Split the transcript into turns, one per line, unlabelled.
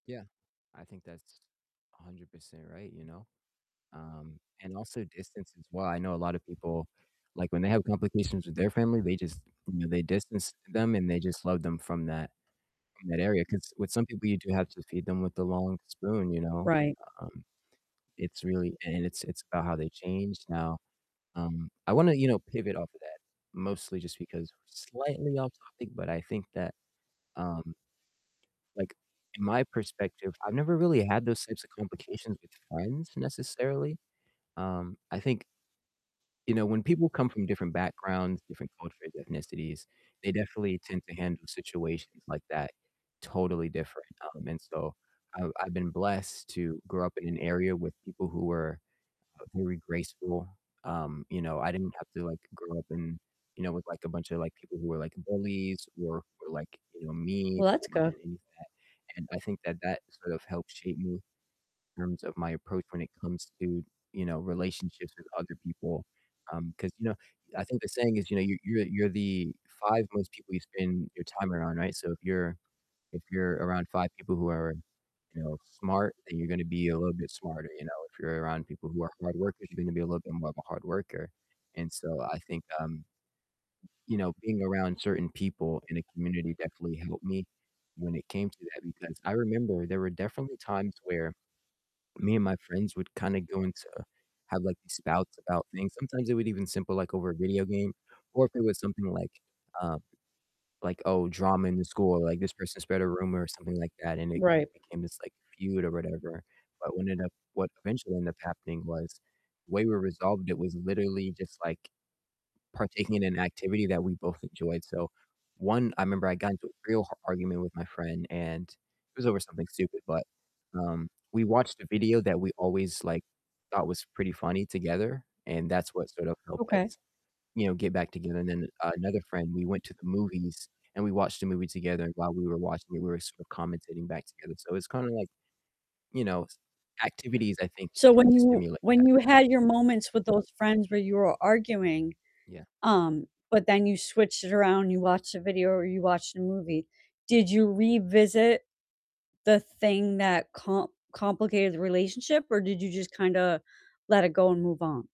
Yeah, I think that's 100% right, you know? Um, and also distance as well. I know a lot of people, like, when they have complications with their family, they just, you know, they distance them and they just love them from that from that area 'cause with some people, you do have to feed them with a long spoon, you know?
Right.
Um, it's really and it's it's about how they change now, um I wanna, you know, pivot off of that mostly just because we're slightly off topic, but I think that, um like, in my perspective, I've never really had those types of complications with friends necessarily. Um, I think you know, when people come from different backgrounds, different cultures, ethnicities, they definitely tend to handle situations like that totally different, um, and so I've I've been blessed to grow up in an area with people who were, uh, very graceful, um, you know, I didn't have to, like, grow up in you know, with, like, a bunch of, like, people who were, like, bullies or who were, like, you know, mean
Well, that's
or
good.
any of that, and I think that that sort of helped shape me in terms of my approach when it comes to, you know, relationships with other people, um, 'cause, you know, I think the saying is, you know, you you're you're the 5 most people you spend your time around, right? So if you're if you're around 5 people who are, you know, smart, then you're gonna be a little bit smarter, you know, if you're around people who are hard workers, you're gonna be a little bit more of a hard worker, and so I think, um you know, being around certain people in a community definitely helped me when it came to that because I remember there were definitely times where me and my friends would kind of go into have, like, these spouts about things, sometimes it would even simple, like, over a video game or if it was something like, um, like, "Oh, drama in the school," or, like, "This person spread a rumor," or something like that, and it c
Right.
it became this, like, feud or whatever. But what ended up what eventually ended up happening was the way we resolved it was literally just, like, partaking in an activity that we both enjoyed, so one I remember I got into a real h argument with my friend and it was over something stupid, but, um, we watched a video that we always, like, thought was pretty funny together and that's what sort of helped
Okay.
us, you know, get back together, and then another friend, we went to the movies and we watched a movie together and while we were watching it, we were sort of commentating back together. So it's kinda, like, you know, s activities I think can
So
help
when you
stimulate
when
that.
you had your moments with those friends where you were arguing,
Yeah.
um, but then you switched it around and you watched a video or you watched a movie, did you revisit the thing that com complicated the relationship or did you just kinda let it go and move on?